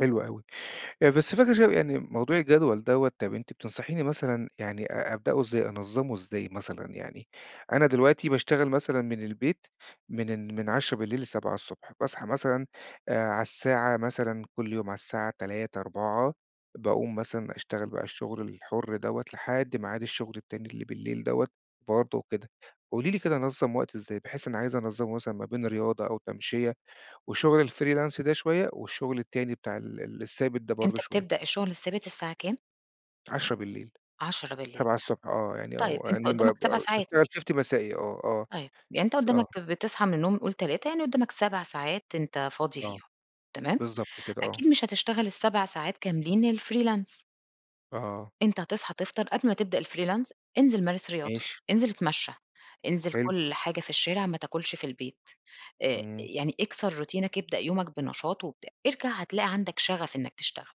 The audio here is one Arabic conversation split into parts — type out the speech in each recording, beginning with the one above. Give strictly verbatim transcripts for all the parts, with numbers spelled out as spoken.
حلو أوي. آآ بس فكرة ش يعني موضوع الجدول دوّة، طَب أنتِ بتنصحيني مثلًا يعني أ أبدؤه إزاي، أنظّمه إزاي مثلًا؟ يعني أنا دلوقتي باشتغل مثلًا من البيت من ان من عشرة بالليل لسبعة الصبح باصحى مثلًا آآ على الساعة مثلًا كل يوم على الساعة تلاتة، أربعة، باقوم مثلًا أشتغل بقى الشُغل الحُر دوّة لحد ميعاد الشُغل التاني اللي بالليل دوّة برضه وكده. قولي لي كده أنظّم وقت إزاي، بحيث أنا عايز أنظّمه مثلًا ما بين رياضة أو تمشية وشُغل الfreelance ده شوية والشُغل التاني بتاع ال الثابت ده برضه أنت شوية؟ بتبدأ الشغل الثابت الساعة كام؟ عشرة بالليل. عشرة بالليل. سبعة الصبح آه. يعني طيب، أو أنت يعني قُدّامك سَبَع بابقى ساعات. باشتغل Shift مسائي آه، آه. طيب، يعني أنت س آه. قُدّامك بتصحى من النوم قُل تلاتة، يعني قُدّامك سَبَع ساعات أنت فاضي آه. فيهم، تمام؟ بالضبط كده آه. أكيد مش هتشتغل السَبَع ساعات كاملين الfreelance. آه. أنت هتصحى تفطر قبل ما تبدأ الfreelance، انزل مارس رياضة، ماشي. انزل اتمشّى، انزل حلو. كُل حاجة في الشارع ما تاكُلش في البيت، آآ إمم. يعني اكسر روتينك، ابدأ يومك بنشاط وبتاع. ارجع هتلاقي عندك شَغَف إنّك تشتغل.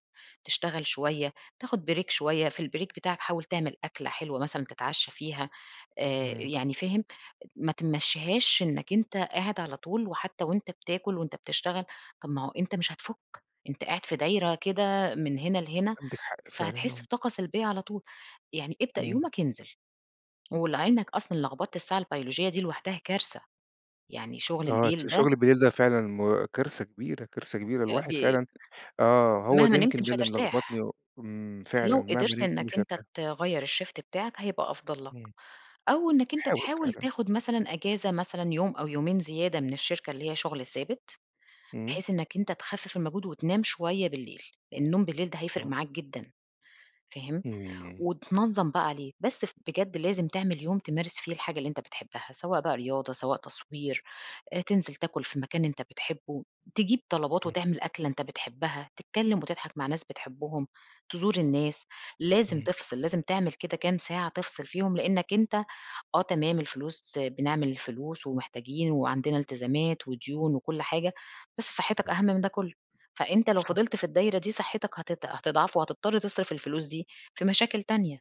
تشتغل شوية، تاخُد بريك شوية، في البريك بتاعك حاول تعمل أكلة حلوة مثلًا تتعشّى فيها. آآ إمم. يعني فاهم؟ ما تمشّيهاش إنّك أنت قاعد على طول وحتّى وأنت بتاكُل وأنت بتشتغل، طَب ما هو أنت مش هتفُك، أنت قاعد في دايرة كده من هنا لهنا، عندِك حق فعلًا فهتحِس آه. بطاقة سلبية على طول، يعني ابدأ إمم. يومك انزل. ولِعِلمك أصلًا لغبطة الساعة البيولوجية دي لوحدها كارثة. يعني شُغل آه، ت الليل ده شُغل بالليل ده فعلًا م كارثة كبيرة، كارثة كبيرة. آآ الواحد ب فعلًا آه. هو ده مهما نمت يمكن ده مش اللي ملغبطني هترتاح. و إمم، فعلًا. لو مهما قدرت نِمت إنّك مش أنت هارتاح. تغيّر الShift بتاعك، هيبقى أفضل لك. إمم. أو إنّك أنت باحاول تحاول فعلًا. تاخُد مثلًا إجازة مثلًا يوم أو يومين زيادة من الشركة اللي هي شُغل ثابت، إمم. بحيث إنّك أنت تخفِّف المجهود وتنام شوية بالليل، النوم بالليل ده هيفرق آه. معاك جدًا. فاهم؟ إمم. وتنظّم بقى عليه. بس ف بجد لازم تعمل يوم تمارس فيه الحاجة اللي أنت بتحبّها، سواء بقى رياضة، سواء تصوير، آآ تنزل تاكُل في مكان أنت بتحبّه، تجيب طلبات إمم. وتعمل أكلة أنت بتحبّها، تتكلّم وتضحك مع ناس بتحبّهم، تزور الناس. لازم إمم. تفصل، لازم تعمل كده كام ساعة تفصل فيهم، لإنّك أنت آه تمام الفلوس، بنعمل الفلوس ومحتاجين وعندنا التزامات وديون وكل حاجة، بس صحّتك إمم. أهم من ده كُلّه. فأنت لو صح. فضلت في الدايرة دي، صحّتك هتت هتضعف وهتضطر تصرف الفلوس دي في مشاكل تانية.